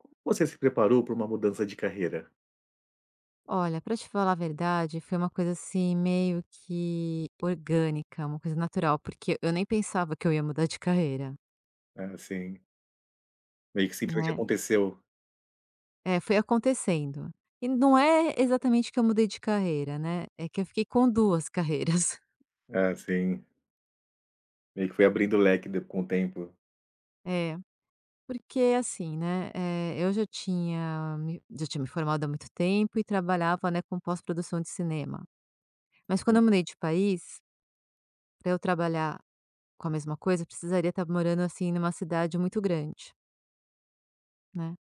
Como você se preparou pra uma mudança de carreira? Olha, pra te falar a verdade foi uma coisa, assim, meio que orgânica, uma coisa natural, porque eu nem pensava que eu ia mudar de carreira. Ah, sim. Meio que simplesmente Né. aconteceu. É, foi acontecendo e não é exatamente que eu mudei de carreira, né, é que eu fiquei com 2 carreiras. Ah, sim. Meio que foi abrindo o leque de com o tempo. É, porque, assim, né, eh, eu já tinha me já tinha me formado há muito tempo e trabalhava, né, com pós-produção de cinema. Mas quando Hum. eu mudei de país pra eu trabalhar com a mesma coisa precisaria tá morando, assim, numa cidade muito grande né.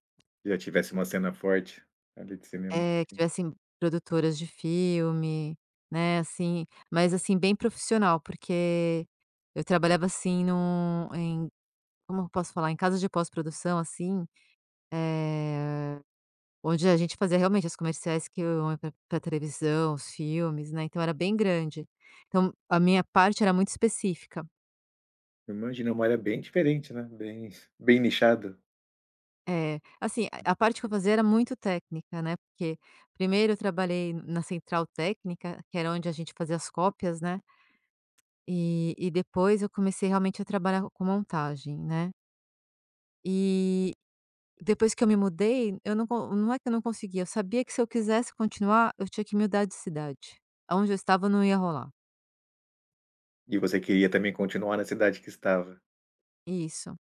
Que já tivesse uma cena forte ali de cinema. Eh, que tivessem produtoras de filme, né, assim mas, assim, bem profissional, porque eu trabalhava, assim, no em como eu posso falar? Em casa de pós-produção, assim, eh, onde a gente fazia realmente os comerciais que iam pra pra televisão, os filmes, né, então era bem grande. Então a minha parte era muito específica. Eu imagino, é uma área bem diferente, né, bem bem nichada. É, assim, a a parte que eu fazia era muito [unintelligible] técnica, né, porque 1º, eu trabalhei na central técnica, que era onde a gente fazia as cópias, né. E e depois eu comecei realmente a trabalhar com montagem, né. E depois que eu me mudei, eu não con não é que eu não conseguia, eu sabia que se eu quisesse continuar, eu tinha que mudar de cidade, aonde eu estava, não ia rolar. E você queria também continuar na cidade que estava. Isso.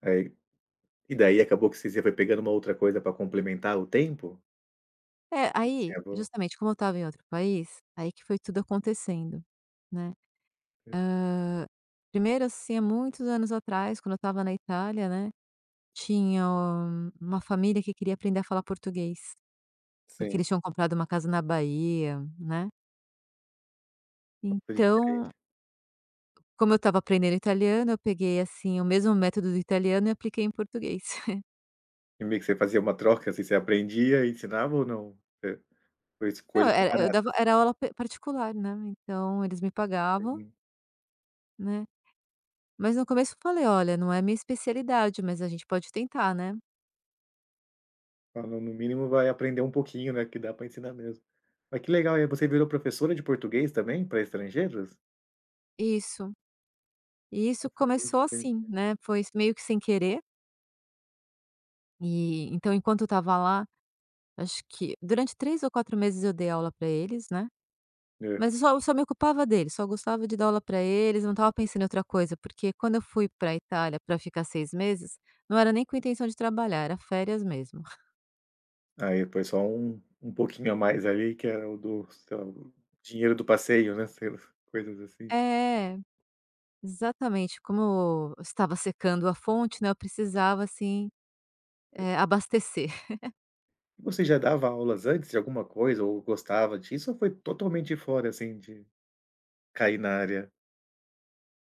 Aí, e daí acabou que você já foi pegando uma outra coisa para complementar o tempo? É, aí, justamente, como eu estava em outro país, aí que foi tudo acontecendo, né, Eh hã, 1º assim, há muitos anos atrás, quando eu estava na Itália, né, tinha uma família que queria aprender a falar português, porque Sim. eles tinham comprado uma casa na Bahia, né. Foi diferente. Então Como eu estava aprendendo italiano eu peguei, assim, o mesmo método do italiano e apliquei em português. E meio que você fazia uma troca, assim, você aprendia e ensinava ou não? É foi Não, coisas é é eu dava separadas. era aula p particular, né, então eles me pagavam [unintelligible] né, mas no começo eu falei: "Olha, não é a minha especialidade, mas a gente pode tentar, né." Ah, no mínimo vai aprender um pouquinho, né, que dá pra ensinar mesmo. Ai, que legal, hein. Você virou professora de português, também pra estrangeiros? Isso. E isso Nossa, bem começou diferente. assim, né, foi s meio que sem querer. E então enquanto eu estava lá, acho que durante 3 ou 4 meses eu dei aula pra eles, né. É. Mas eu só eu só me ocupava deles, só gostava de dar aula pra eles, não estava pensando em outra coisa, porque quando eu fui pra Itália pra ficar 6 meses, não era nem com intenção de trabalhar, era férias mesmo. Aí depois só um um pouquinho a mais ali, que era o do [unintelligible] o dinheiro do passeio, né, sei lá, coisas assim. É, exatamente, como estava secando a fonte, né, eu precisava, assim, eh, abastecer. Você já dava aulas antes de alguma coisa ou gostava disso, ou foi totalmente fora, assim, de cair na área?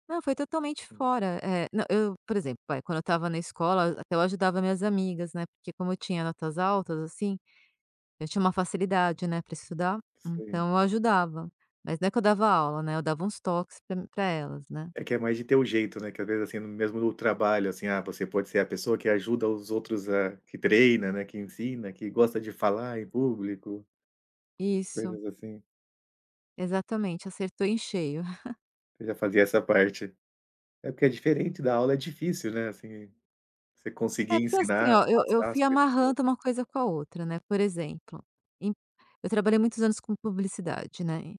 Não, foi totalmente Hum. fora. Eh, não eu por exemplo, vai, quando eu estava na escola, a até eu ajudava minhas amigas, né, porque como eu tinha notas altas, assim, eu tinha uma facilidade, né, pra estudar, Sim. então eu ajudava. Mas não é que eu dava aula, né, eu dava uns toques pra pra elas, né. É que é mais de ter o jeito, né, que às vezes, assim, mesmo trabalho, assim, ah, você pode ser a pessoa que ajuda os outros a que treina, né, que ensina, que gosta de falar em público Isso. coisas assim. Exatamente, acertou em cheio. Você já fazia essa parte. É, porque é diferente, dar aula é difícil, né, assim, você conseguir É, porque, assim, ensinar, ó, eu eu passar as fui coisas assim amarrando uma coisa com a outra, né, por exemplo, em eu trabalhei muitos anos com publicidade, né,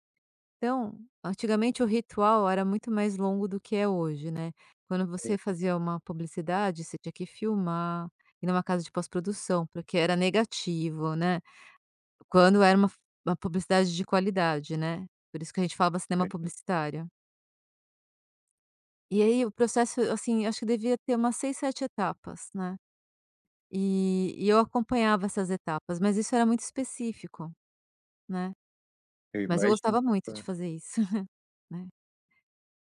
então antigamente o ritual era muito mais longo do que é hoje, né. Quando você Aham. fazia uma publicidade, você tinha que filmar, ir numa casa de pós-produção, porque era negativo, né, quando era uma f uma publicidade de qualidade, né, por isso que a gente falava cinema Uhum. publicitário. E aí o processo, assim, acho que devia ter umas 6, 7 etapas, né. E e eu acompanhava essas etapas, mas isso era muito específico, né, Eu mas eu imagino, gostava muito de par fazer isso, né.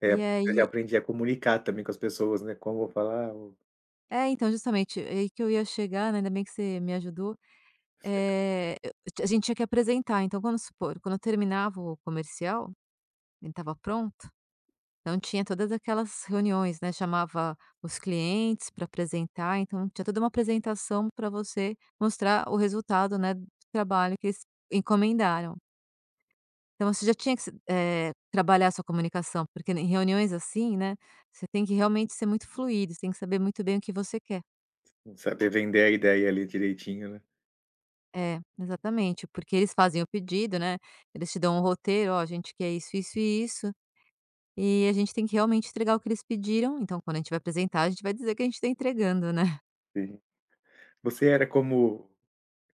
É, E porque eu já aí aprendi a comunicar também com as pessoas, né, como vou falar, ou É, então justamente, aí que eu ia chegar, né, ainda bem que você me ajudou, Sério. eh, eu a gente tinha que apresentar então vamos supor, quando eu terminava o comercial, ele estava pronto, então tinha todas aquelas reuniões, né, chamava os clientes pra apresentar então tinha toda uma apresentação pra você mostrar o resultado, né, trabalho que eles encomendaram. Então você já tinha que se eh, trabalhar sua comunicação porque em reuniões assim, né, você tem que realmente ser muito fluido, você tem que saber muito bem o que você quer. Não saber vender a ideia ali direitinho, né. É, exatamente porque eles fazem o pedido, né, eles te dão um roteiro, "Oh a gente quer isso isso e isso" e a gente tem que realmente entregar o que eles pediram então quando a gente vai apresentar a gente vai dizer que a gente tá entregando, né. Sim. Você era como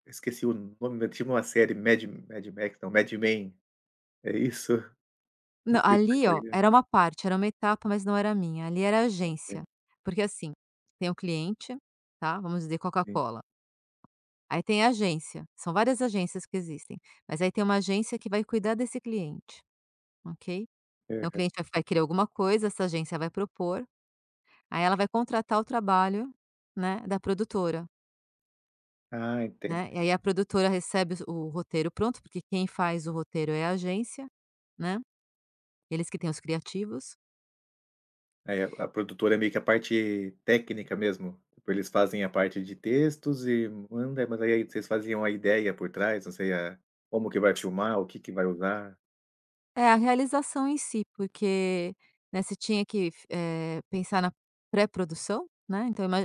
esqueci o nome, mas tinha uma série: magic magic mack, magic-man, é isso? Não Não, sei se você ali, ô, conhece. era uma parte, era uma etapa, mas não era minha, ali, era a Ok. agência, porque, assim, tem o cliente, tá, vamos dizer Sim. Coca-Cola, aí, tem a agência, são várias agências que existem, mas, aí, tem uma agência que vai cuidar desse cliente, ok? Então o Aham. cliente vai vai querer alguma coisa, essa agência vai propor, aí, ela vai contratar o trabalho, né, da produtora Ah, né, e, entendi. aí, a produtora recebe o roteiro pronto, porque quem faz o roteiro é a agência, né, eles que têm os criativos. Aí, a a produtora é meio que a parte técnica mesmo, tipo, eles fazem a parte de textos e manda, mas, aí, vocês fazem uma ideia por trás, não sei a como que vai filmar, o que que vai usar. É, a realização em si, porque, né, você tinha que, f eh, pensar na pré-produção, né, então ima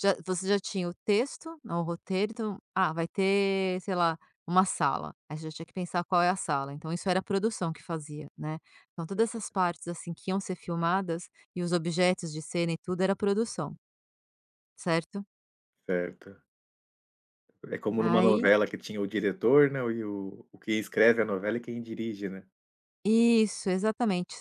já você já tinha o texto, o roteiro, então: "Ah, vai ter, sei lá, uma sala", aí, já tinha que pensar qual é a sala, então isso era a produção que fazia, né? Então todas Aham. essas partes, assim, que iam ser filmadas e os objetos de cena e tudo era produção certo? Certo. É como numa Aí novela que tinha o diretor, né, e o o que escreve a novela e quem dirige, né. Isso, exatamente,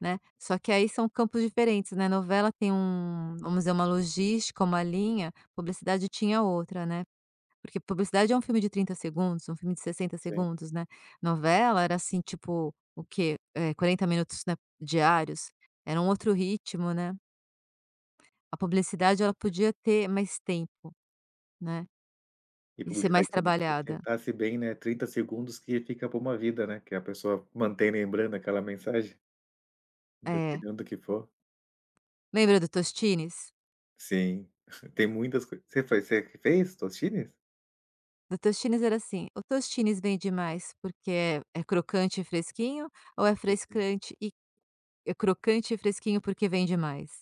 né. Só que aí são campos diferentes, na novela tem um vamos dizer, uma logística, uma linha, publicidade tinha outra, né. Porque publicidade é um filme de 30 segundos, um filme de 60 Sim. segundos, né, novela era, assim, tipo, o quê? Eh, 40 minutos, né, diários, era um outro ritmo, né. A publicidade, ela podia ter mais tempo, né, E e com os ser mais trabalhada. [unintelligible] bem, né, 30 segundos que fica pra uma vida, né, que é a pessoa manter lembrando aquela mensagem. É. Dependendo do que for. Lembra do Tostines? Sim, tem muitas coi você fa você que fez Tostines? Do Tostines era assim: "O Tostines vende mais porque é é crocante e fresquinho, ou é frescante e é crocante e fresquinho porque vende mais?".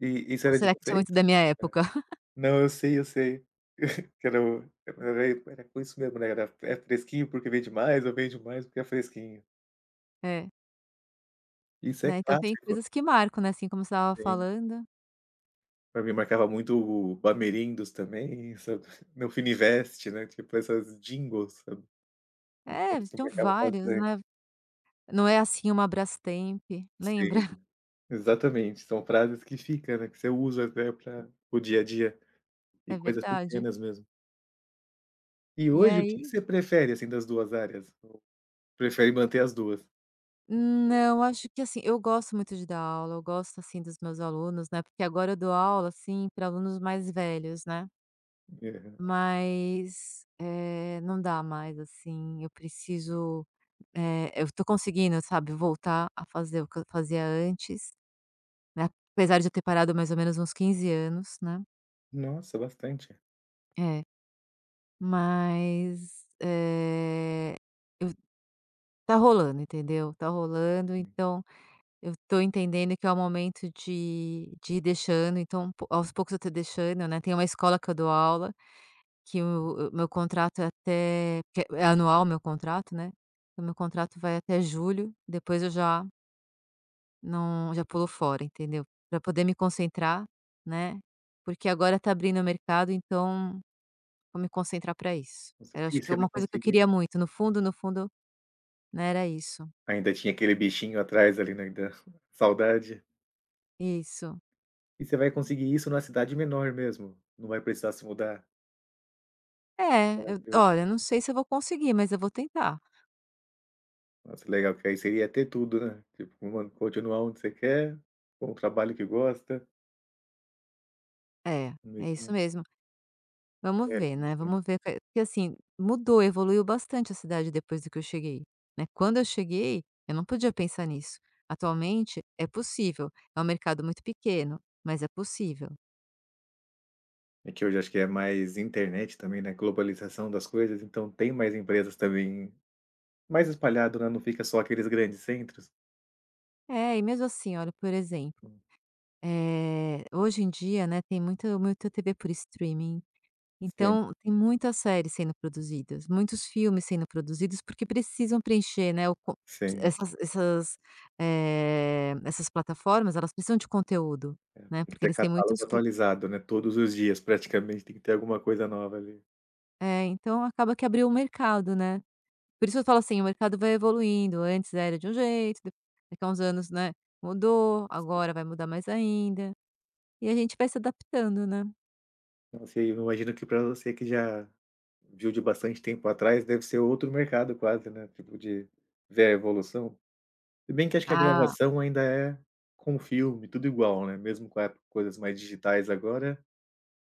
I isso Ou era de será que isso é vocês? muito da minha Hã, época? não, eu sei, eu sei. Que era um é porque era i era com isso mesmo, né, era: "É fresquinho porque vende mais, ou vende mais porque é fresquinho". É. Isso é Né, então tem clássico. coisas que marcam, né, assim, como você estava Sim. falando Pra mim marcava muito o Bamerindus também, sabe, Meu Finivest, né, tipo, essas jingles, sabe. É, Isso tinham pegava vários, né. bastante. "Não é, assim, uma Brastemp", lembra? Sim, exatamente. São frases que fica, né, que você usa até pra para o dia a dia e É coisas verdade. pequenas mesmo. E E hoje o que que aí você prefere, assim, das duas áreas? Prefere manter as duas. Não, acho que, assim, eu gosto muito de dar aula, eu gosto, assim, dos meus alunos, né, porque agora eu dou aula, assim, pra alunos mais velhos, né. É. Mas, eh, não dá mais, assim, eu preciso eh, eu tô conseguindo, sabe, voltar a fazer o que eu fazia antes, né, apesar de eu ter parado mais ou menos uns 15 anos, né. Nossa, bastante. É. Mas, eh, eu tá rolando, entendeu? Tá rolando, então eu tô entendendo que é o momento de de ir deixando, então aos poucos eu tô deixando, né. Tem uma escola que eu dou aula, que o o meu contrato é até porque é anual o meu contrato, né, então o meu contrato vai até julho, depois eu já Não, já pulo fora, entendeu, pra poder me concentrar, né, porque agora tá abrindo o mercado, então, vou me concentrar pra isso. Você Era acho e que é você vai uma coisa que eu conseguir? queria muito no fundo, no fundo, né, era isso. Ainda tinha aquele bichinho atrás ali, né, ainda, saudade? Isso. E você vai conseguir isso na cidade menor mesmo, não vai precisar se mudar? É, eu Tranquilo. olha, eu não sei se eu vou conseguir, mas eu vou tentar. Nossa legal, que aí seria ter tudo, né, tipo uma continuar onde você quer, com o trabalho que gosta. É, é Mesmo isso a mesmo. Vamos É, ver, né, isso sim. vamos ver o que eu que assim, mudou, evoluiu bastante a cidade depois de que eu cheguei, né. Quando eu cheguei, eu não podia pensar nisso. Atualmente é possível, é um mercado muito pequeno, mas é possível. E que hoje acho que é mais internet também, né, globalização das coisas, então tem mais empresas também, mais espalhado, né, não fica só aqueles grandes centros. É, e mesmo assim, olha, por exemplo, Sim. eh, hoje em dia, né, tem muito muito TV por streaming, Sim. então, tem muitas séries sendo produzidas, muitos filmes sendo produzidos porque precisam preencher, né, o con Sim. essas essas, eh, essas plataformas, elas precisam de conteúdo, Eh, né, e porque ter eles têm muitos catálogo cli atualizado, né, todos os dias praticamente, tem que ter alguma coisa nova ali. É, então acaba que abriu um mercado, né. Por isso eu falo assim, o mercado vai evoluindo, antes era de um jeito, de daqui a uns anos, né, mudou, agora vai mudar mais ainda, e a gente vai se adaptando, né. Não sei, eu imagino que pra você que já viu de bastante tempo atrás, deve ser outro mercado quase, né, tipo, de ver a evolução. Se bem que acho que a Ah. gravação ainda é com o filme, tudo igual, né, mesmo com a coisas mais digitais agora,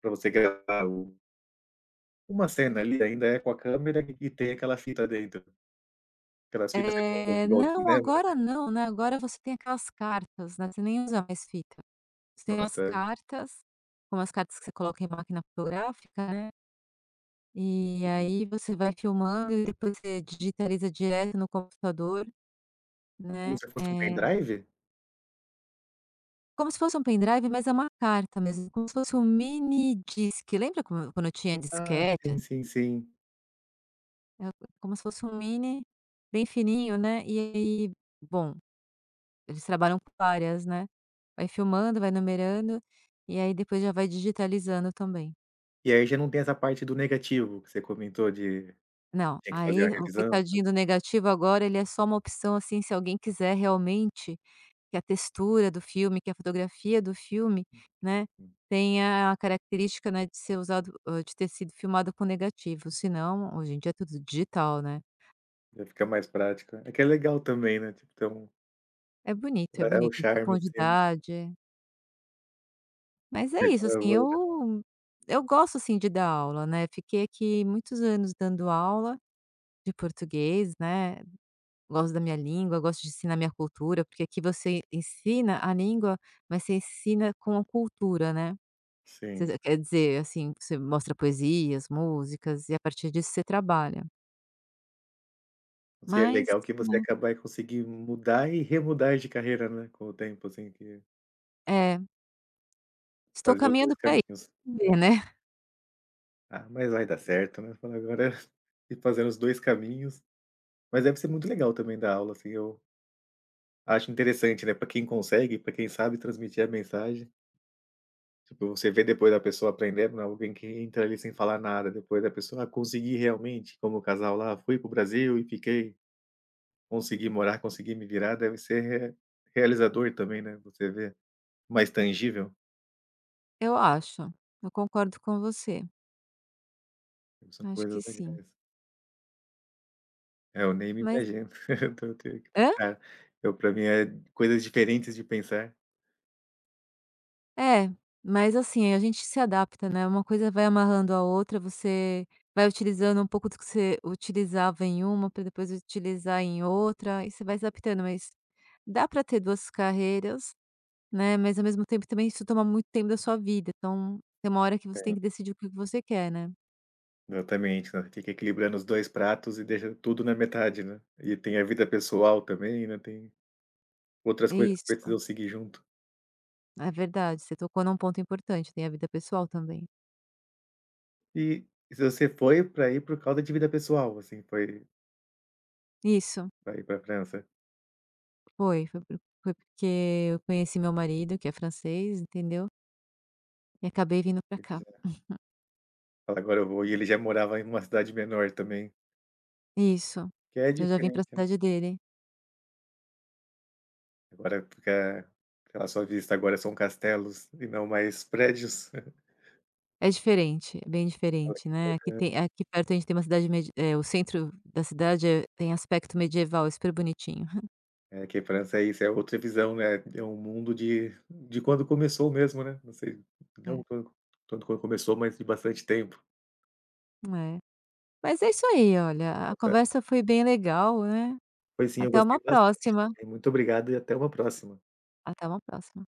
pra você gravar o uma cena ali ainda é com a câmera e tem aquela fita dentro. Aquelas fitas redondas É, igual de, não, né. agora não, né. Agora você tem aquelas cartas, né, você nem usa mais fita. Você No tem é umas sério? cartas, são umas cartas que você coloca em máquina fotográfica, né e aí você vai filmando e depois você digitaliza direto no computador, Como né. se fosse um Eh pen-drive? Como se fosse um pen-drive, mas é uma carta mesmo, como se fosse um minidisc, lembra como quando tinha Ah, sim, disquete? sim, sim. É como se fosse um mini, bem fininho, né, e aí, bom, eles trabalham com várias, né, vai filmando, vai enumerando, e aí depois já vai digitalizando também. E aí já não tem essa parte do negativo que você comentou de Não, tinha que fazer aí a o revisão. coitadinho do negativo agora, ele é só uma opção, assim, se alguém quiser realmente que a textura do filme, que a fotografia do filme, né, tenha a característica, né, de ser usado, hã, de ter sido filmado com negativo. Se não, hoje em dia é tudo digital, né. Pra ficar mais prático, né. É que é legal também, né, tipo, tem um É bonito, é É é o bonito, tem charme, assim. profundidade. Mas é isso, assim, [unintelligible] eu eu gosto, assim, de dar aula né, fiquei aqui muitos anos dando aula de português, né. Gosto da minha língua, gosto de ensinar minha cultura, porque aqui você ensina a língua, mas você ensina com a cultura, né. Sim. Você quer dizer, assim, você mostra poesias, músicas e a partir disso você trabalha. Isso é Mas, legal, que você né. acaba aí conseguindo mudar e remudar de carreira, né, com o tempo, assim, que É. Estou Fazer os dois caminhando pra caminhos. [unintelligible] né. Ah, mas vai dar certo, né, falar agora ir fazer os dois caminhos Mas deve ser muito legal também dar aula, assim, eu acho interessante, né, pra quem consegue, pra quem sabe transmitir a mensagem. Tipo, você vê depois a pessoa aprendendo, alguém que entra ali sem falar nada, depois a pessoa: "Ah, consegui realmente", como o casal lá: "Fui para o Brasil e fiquei, consegui morar, consegui me virar", deve ser re realizador também, né, você ver mais tangível. Eu acho, eu concordo com você. São Acho coisas que sim. legais. É, eu nem me Mas imagino, então eu tenho que Hã? tentar. Eu pra mim é coisas diferentes de pensar. Eh, mas, assim, a gente se adapta, né, uma coisa vai amarrando a outra, você vai utilizando um pouco do que você utilizava em uma, pra depois utilizar em outra, e você vai adaptando, mas dá pra ter duas carreiras, né, mas ao mesmo tempo também isso toma muito tempo da sua vida, então, tem uma hora que você tem Sim. que decidir o que você quer, né. Exatamente, sabe, fica equilibrando os 2 pratos e deixa tudo na metade, né. E tem a vida pessoal também, né, tem outras coisas que Isso. precisam seguir junto. É verdade, você tocou num ponto importante, tem a vida pessoal também. E você foi para aí por causa de vida pessoal, assim, foi Isso. Pra ir pra França? Foi, foi foi porque eu conheci meu marido que é francês, entendeu. E acabei vindo pra Ele cá. já Agora eu vou, e ele já morava em uma cidade menor também. Isso, Que é eu já vim diferente, pra né. cidade dele. Agora fica fi a sua vista agora são castelos e não mais prédios? É diferente, é bem Olha, diferente, que né. Aqui [unintelligible] tem aqui perto a gente tem uma cidade medi é o centro da cidade, eh, tem aspecto medieval, é super bonitinho. É, que francês é outra visão, né, é um mundo de de quando começou mesmo, né, não sei, né, É. [unintelligible] quando começou, mas de bastante tempo. É, mas é isso aí, olha, a Até conversa foi bem legal, eh, Foi sim, eu até uma gostei bastante próxima. também. Muito obrigado e até uma próxima. Até uma próxima.